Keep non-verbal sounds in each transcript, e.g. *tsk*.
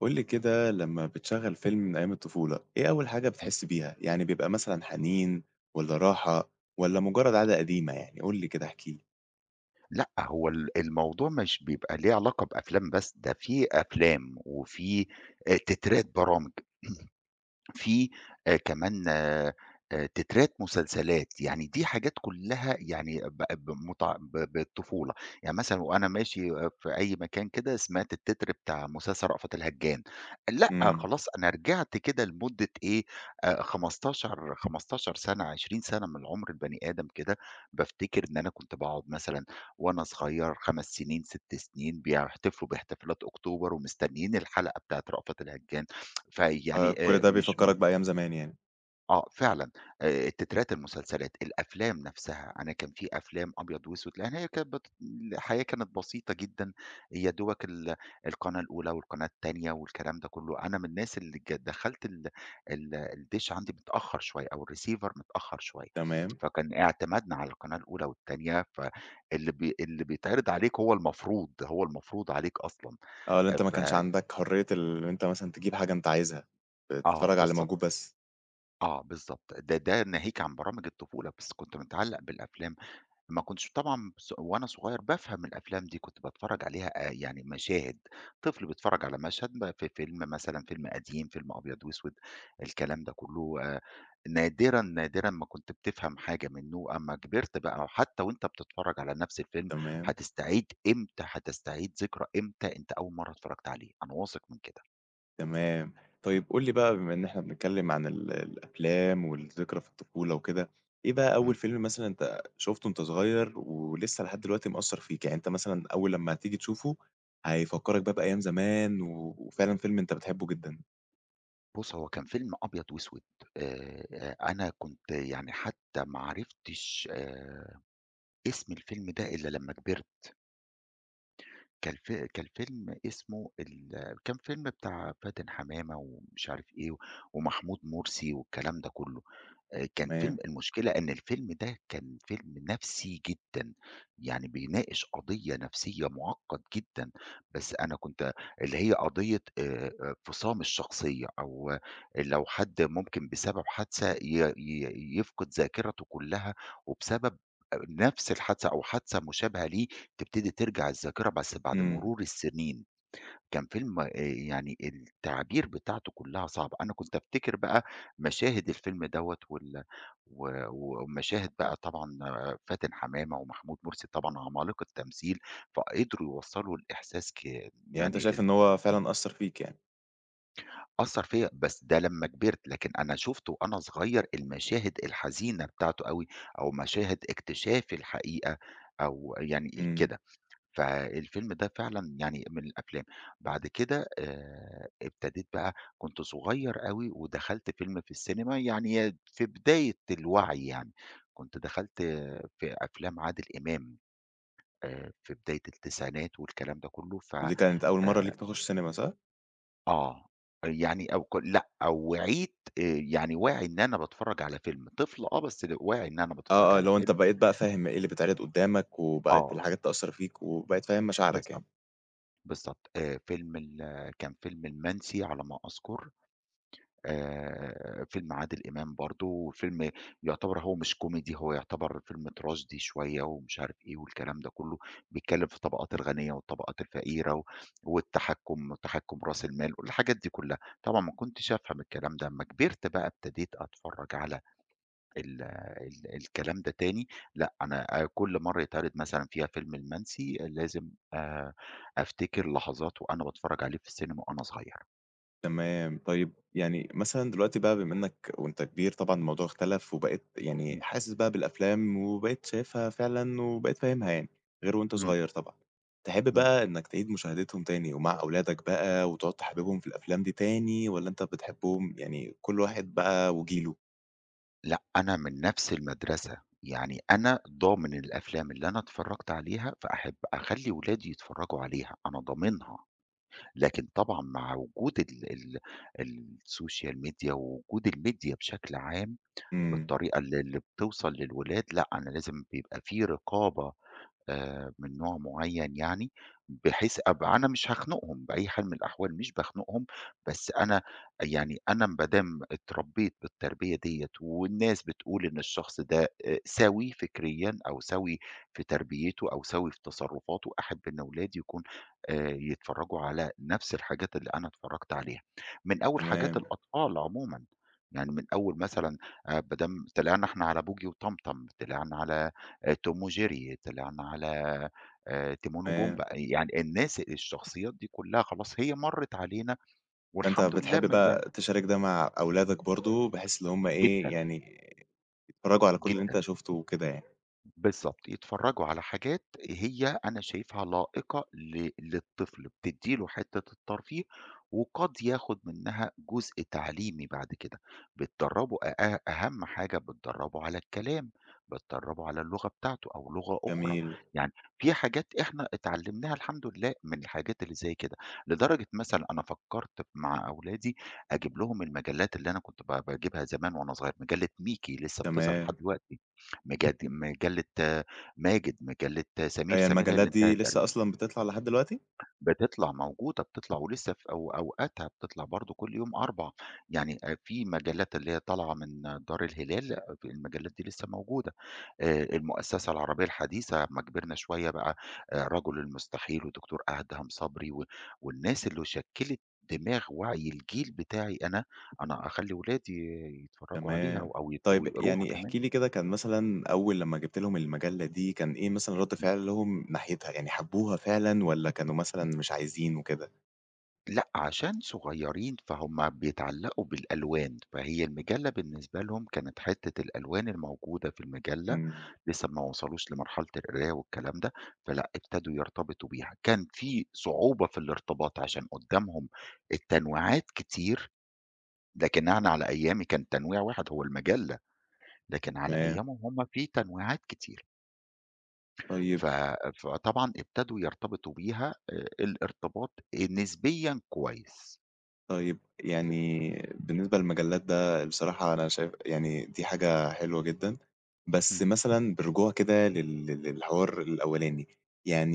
قُل لي كده لمّا بتشغّل فيلم من أيام الطفولة، إيه أول حاجة إمم. بتحس بيها؟ يعني بيبقى مثلًا حنين والّا راحة والّا مُجّرد عادة قديمة يعني؟ قُل لي كده احكِ لي. لأ، هو ال الموضوع مش بيبقى ليه علاقة بأفلام بس، ده فيه أفلام وفيه آآ تترات برامج، *clears throat* فيه آآ كمان آآ آآ تترات مسلسلات، يعني دي حاجات كُلّها يعني بقت بمتع ب بالطفولة. يعني مثلًا وأنا ماشي آآ في أي مكان كده، سمعت التتر بتاع مسلسل رأفت الهَجّان، لأ، إمم. خلاص أنا رجعت كده لمُدّة إيه، آآ خمستاشر 15 سَنة، 20 سَنة من عُمر البني آدم كده، بافتكر إن أنا كنت باقعُد مثلًا وأنا صغير 5 سِنين، 6 سِنين، بيحتفلوا باحتفالات أكتوبر ومستنّيين الحلقة بتاعة رأفت الهَجّان. *tsk* آآ، فيعني كل آآ ده مش م بيفكّرك بأيام زمان يعني. آه، فعلًا آآ تترات المسلسلات، الأفلام نَفْسها. أنا كان فيه أفلام أبيض وأسود، لإن هي كانت بت الحياة كانت بسيطة جدًا، يا دوبك ال القناة الأولى والقناة التانية والكلام ده كُلّه. أنا من الناس اللي ك دخَّلت ال ال الدِش عندي متأخّر شوية أو الReceiver متأخّر شوية، تمام. فكان اعتمادنا على القناة الأولى والتانية، ف اللي بي اللي بيتعرّض عليك هو المفروض، هو المفروض عليك أصلًا. آه، اللي آآ أنت ما ف كانش عندك حرية اللي إن أنت مثلًا تجيب حاجة أنت عايزها، آآ آه، تتفرّج على اللي موجود بالضبط. بس. آه، بالضبط. ده، ده ناهيك عن برامج الطفولة، بس كنت متعلَّق بالأفلام، ما كنتش طبعًا ص وأنا صغير بافهم الأفلام دي، كنت باتفرّج عليها آآ يعني مشاهد، طفل بيتفرّج على مشهد م في فيلم مثلًا فيلم قديم، فيلم أبيض وأسود، الكلام ده كُلّه آآ نادرًا، نادرًا ما كنت بتفهم حاجة منّه، أمّا كبرت بقى حتّى وأنت بتتفرّج على نَفْس الفيلم تمام. هتستعيد، إمتى هتستعيد ذكرى، إمتى أنت أول مرّة اتفرّجت عليه، أنا واثق من كده. تمام، طيب قُل لي بقى بما إن إحنا بنتكلم عن ال الأفلام والذكرى في الطفولة وكده، إيه بقى أول إمم. فيلم مثلًا أنت شفتُه وأنت صغير ولسه لحد دلوقتي مأثّر فيك؟ يعني أنت مثلًا أول لمّا هتيجي تشوفُه هيفكّرك بقى بأيام زمان و وفعلًا فيلم أنت بتحبه جدًا؟ بُصّ، هو كان فيلم أبيض واسود، آآ آآ، أنا كنت يعني حتى ما عرفتش آآ، اسم الفيلم ده إلّا لمّا كبرت. كان في كان فيلم اسمه ال كان فيلم بتاع فاتن حمامة ومش عارف إيه ومحمود مرسي والكلام ده كُلّه آآ، كان فيلم تمام. المشكلة إن الفيلم ده كان فيلم نَفْسي جدًا يعني بيناقش قضية نفسية معقّد جدًا، بس أنا كنت اللي هي قضية آآ، آآ، انفصام الشخصية أو لو حد ممكن بسبب حادثة ي ي يفقد ذاكرتُه كُلّها، وبسبب نفس الحادثة، أو حادثة مشابهة ليه، تبتدي ترجع الذاكرة بس بعد إمم. مرور السنين كان فيلم آآ، يعني التعابير بتاعتُه كُلّها صعبه، أنا كنت أفتكر بقى مشاهد الفيلم دوَّة وال و ومشاهد بقى طبعًا آآ، فاتن حمامة ومحمود مرسي، طبعًا عمالقة تمثيل فقدروا يوصّلوا الإحساس ك يعني أنت يعني شايف ال إن هو فعلًا أثّر فيك يعني؟ أثّر فيّا بس ده لمّا كبرت، لكن أنا شُفته وأنا صغيّر، المشاهد الحزينة بتاعته أوي، أو مشاهد اكتشاف الحقيقة، أو يعني إمم. كده. فالفيلم ده فعلًا يعني من الأفلام بعد كده آآ، ابتديت بقى كنت صغيّر أوي ودخلت فيلم في الcinema يعني يا د في بداية الوعي يعني، كنت دخلت في أفلام عادل إمام آآ، في بداية التسعينات والكلام ده كلّه ف ودي كانت أول مرّة آآ ليك تخُش cinema، صح؟ آه، أ يعني أو كل لأ، أو وعيت آآ، يعني واعي إن أنا باتفرّج على فيلم، طفل آه، بس ل واعي إن أنا باتفرّج آه، آه، على اللي هو أنت فيلم. بقيت بقى فاهم إيه اللي بيتعرض قدّامك، وبقت آه. الحاجات تأثّر فيك، وبقيت فاهم مشاعرك بالضبط. يعني. بالضبط آآ، فيلم ال كان فيلم المَنسي على ما أذكُر، آآ، فيلم عادل إمام برضه وفيلم يعتبر هو مش comedy هو يعتبر فيلم tragedy شوية ومش عارف إيه والكلام ده كلّه، بيتكلم في الطبقات الغنية والطبقات الفقيرة و والتحكُم وتحكُم راس المال والحاجات دي كلّها. طبعًا ما كنتش أفهم الكلام ده، أمّا كبرت بقى ابتديت أتفرّج على ال ال الكلام ده تاني لأ، أنا آآ كل مرّة يتعرض مثلًا فيها فيلم المَنسي آآ لازم آآ، أفتكر لحظات وأنا باتفرّج عليه في الcinema وأنا صغير. تمام. طيب يعني مثلًا دلوقتي بقى بما إنّك وأنت كبير طبعًا الموضوع اختلف، وبقيت يعني إمم. حاسس بقى بالأفلام وبقيت شايفها فعلًا وبقيت فاهمها يعني، غير وأنت إمم. صغيّر طبعًا. تحب إمم. بقى إنّك تعيد مشاهدتهم تاني ومع أولادك بقى وتقعُد تحببهم في الأفلام دي تاني، والّا أنت بتحبهم يعني كل واحد بقى وجيله؟ لأ، أنا من نَفْس المدرسة، يعني أنا ضامن الأفلام اللي أنا اتفرّجت عليها فأحب أخلّي ولادي يتفرّجوا عليها، أنا ضامنها. لكن طبعًا مع وجود ال ال الSocial Media ووجود الMedia بشكل عام إمم. بالطريقة اللي اللي بتوصل للولاد، لأ، أنا لازم بيبقى في رقابة آآ، من نوع معيّن يعني، بحيث أب أنا مش هاخنُقهم بأي حال من الأحوال مش باخنُقهم، بس أنا يعني أنا م با دام اتربيت بالتربية دِيّة والناس بتقول إن الشخص ده آآ سوي فكريًا أو سوي في تربيته أو سوي في تصرفاته، أحب إن أولادي يكون آآ، يتفرّجوا على نَفْس الحاجات اللي أنا اتفرّجت عليها، من أول حاجات تمام. الأطفال عمومًا، يعني من أول مثلًا آآ با دام طلعنا إحنا على بوجي وطمطم، طلعنا على آآ Tom وJerry، طلعنا على آآ Timon تمام. وPumbaa آآ يعني الناس الشخصيات دي كلّها خلاص هي مرّت علينا فأنت والحمد لله بتحب م يعني بقى تشارك ده مع أولادك برضه بحيث اللي هُم إيه جدًا. يعني يتفرّجوا على كل اللي أنت جدًا. شُفته وكده يعني. بالضبط، يتفرّجوا على حاجات هي أنا شايفها لائقة ل للطفل بتدّي له حتة الترفيه، وقد ياخد منها جزء تعليمي بعد ك ده بتدرّبه آآ، أهم حاجة بتدرّبه على الكلام، بتدرّبه على اللغة بتاعته، أو لغة أخرى جميل. يعني في حاجات إحنا اتعلمناها الحمد لله، من الحاجات اللي زي كده لدرجة مثلًا أنا فكّرت مع أولادي أجيب لهم المجلات اللي أنا كنت ب باجيبها زمان وأنا صغير مجلة Mickey لسه بتظهر لحد تمام. دلوقتي، مجد مجلة ماجد، مجلة سمير هي سمير هي اللي المجلات دي انتهت تقريبًا. لسة أصلًا بتطلع لحد دلوقتي؟ بتطلع، موجودة بتطلع ولسه ف أو أو أوقاتها بتطلع برضه كُلّ يوم أربع، يعني آآ، في مجلات اللي هي طالعة من دار الهلال، المجلات دي لسه موجودة آآ، المؤسسة العربية الحديثة أمّا كبرنا شوية بقى آآ، رَجُل المستحيل، ودكتور أدهم صبري و والناس اللي شكِّلت دماغ ووعي الجيل بتاعي أنا، أنا أخلي ولادي يتفرّجوا عليها تمام، أو يت طيب ويقروها يعني كمان. احكِ لي كده كان مثلًا أول لمّا جِبت لهم المجلة دي كان إيه مثلًا رد إمم. فعلهم ناحيتها؟ يعني حبوها فعلًا والَّا كانوا مثلًا مش عايزين وكده؟ لأ، عشان صغيرين فهم بيتعلقوا بالألوان، فهي المجلة بالنسبة لهم كانت حتة الألوان الموجودة في المجلة، إمم. لسه ما وصلوش لمرحلة القراية والكلام ده فلأ، ابتدوا يرتبطوا بيها، كان في صعوبة في الارتباط عشان قدامهم التنويعات كتير لكن أنا على أيامي كان تنويع واحد هو المجلة، لكن على تمام. أيامهم هم في تنويعات كتيرة. طيب. ف فطبعًا ابتدوا يرتبطوا بيها آآ، الارتباط آآ، نسبيًا كويس. طيب، يعني بالنسبة للمجلات ده بصراحة أنا شايف يعني دي حاجة حلوة جدًا، بس امم. مثلًا بالرجوع كده لل لل للحوار الأولاني،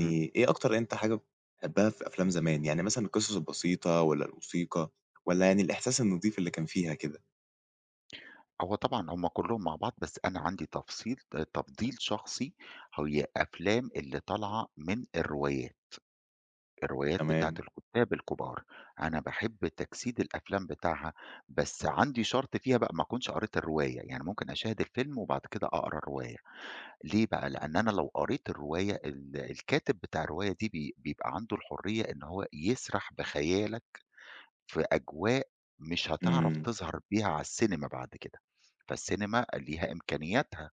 امم. إيه أكتر حاجة أنت بتحبها في أفلام زمان؟ يعني مثلًا القصص البسيطة والَّا الموسيقى والَّا يعني الإحساس النضيف اللي كان فيها كده؟ هو طبعًا هم كلهم مع بعض، بس أنا عندي تفصيل آآ، تفضيل شخصي، هي أفلام اللي طالعة من الروايات، الروايات بتاعة تمام. الكُتّاب الكبار، أنا باحب تجسيد الأفلام بتاعها، بس عندي شَرْط فيها بقى ما أكونش قريت الرواية، يعني ممكن أشاهد الفيلم وبعد كده أقرا الرواية، ليه بقى؟ لأن أنا لو قريت الرواية ال الكاتب بتاع الرواية دي بي بيبقى عنده الحرية إن هو يسرح بخيالك في أجواء مش هتعرف إمم. تظهر بيها على السينما بعد كده، فالسينما ليها إمكانياتها،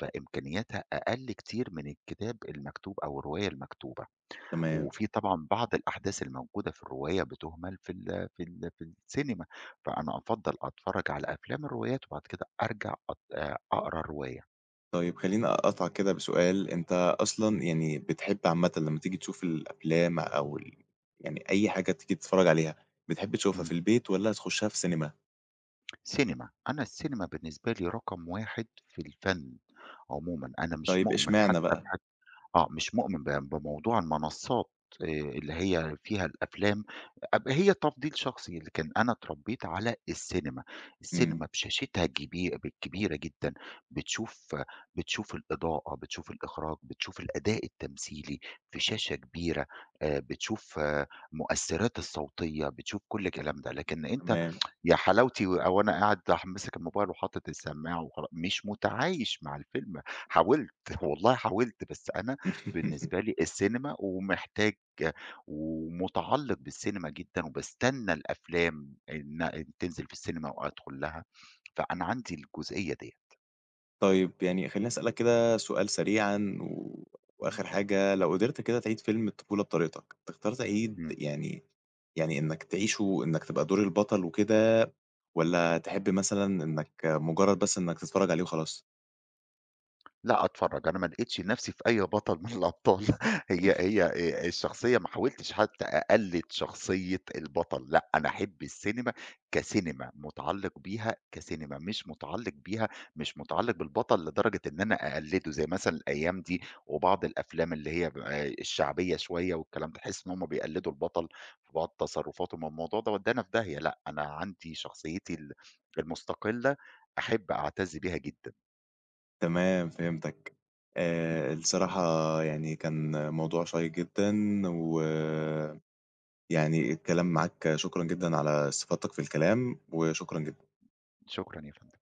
فإمكانياتها أقلّ كتير من الكتاب المكتوب، أو الرواية المكتوبة، تمام. وفي طبعًا بعض الأحداث الموجودة في الرواية بتُهمَل في ال في ال في السينما، فأنا أفضّل أتفرّج على أفلام الروايات، وبعد كده أرجع أط آآ، أقرأ الرواية. طيب خلّيني أقاطعك كده بسؤال، أنت أصلًا امم. يعني بتحب عامةً لما تيجي تشوف الأفلام أو ال يعني أي حاجة تيجي تتفرج عليها، بتحب تشوفها في إمم. البيت والّا تخشها في سينيما؟ سينيما، أنا السينيما بالنسبة لي رقم 1 في الفن عمومًا. أنا مش طيب، مؤمن حتى اشمعنى بح بقى؟ آه، مش مؤمن ب بموضوع المنصات، آآ اللي هي فيها الأفلام أب هي تفضيل شخصي، لكن أنا اتربيت على السينما. إمم. السينما بشاشتها الجبي ب الكبيرة جدًا، بتشوف بتشوف الإضاءة، بتشوف الإخراج، بتشوف الأداء التمثيلي في شاشة كبيرة، آآ بتشوف مؤثرات الصوتية، بتشوف كل الكلام ده. لكن أنت تمام. *tsk* يا حلاوتي، و وأنا قاعد ح ماسك الموبايل وحاطط السماعة وخـلا مش متعايش مع الفيلم. حاولت، *chuckles* والله حاولت، بس أنا *chuckles* بالنسبة لي السينما ومحتاج ومتعلق بالسينيما جدًا، وباستنى الأفلام إن تنزل في السينيما وأدخل لها. فأنا عندي الجزئية ديّة. طيب، يعني خلّيني أسألك كده سؤال سريعًا و إمم. وآخر حاجة، لو قدرت كده تِعيد فيلم الطفولة بطريقتك، تختار تِعيد إمم. يعني يعني إنّك تعيشه إنك تبقى دور البطل وكده، والّا تحب مثلًا إنك مجرد بس إنّك تتفرج عليه وخلاص؟ لأ، أتفرج. أنا ما لقيتش نفسي في أي بطل من الأبطال. *chuckles* هي *chuckles* هي آآ الشخصية ما حاولتش حتى أقلد شخصية البطل. لأ، أنا أحب السينيما، كسينيما متعلّق بيها كسينيما مش متعلّق بيها مش متعلّق بالبطل لدرجة إن أنا أقلّده، زي مثلًا الأيام دي، وبعض الأفلام اللي هي، آآ الشعبية شوية والكلام ده، تحس إن هُم بيقلّدوا البطل في بعض تصرفاته، ما هو الموضوع ده ودّانا في داهية. لأ، أنا عندي شخصيتي ال المستقلة أحب أعتز بيها جدًا. تمام، فهمتك. إمم. آآ الصراحة يعني كان موضوع شيّق جدًا، و يعني الكلام معاك شكرًا جدًا على استفاضتك في الكلام، وشكرًا جدًا. شكرًا يا فندم.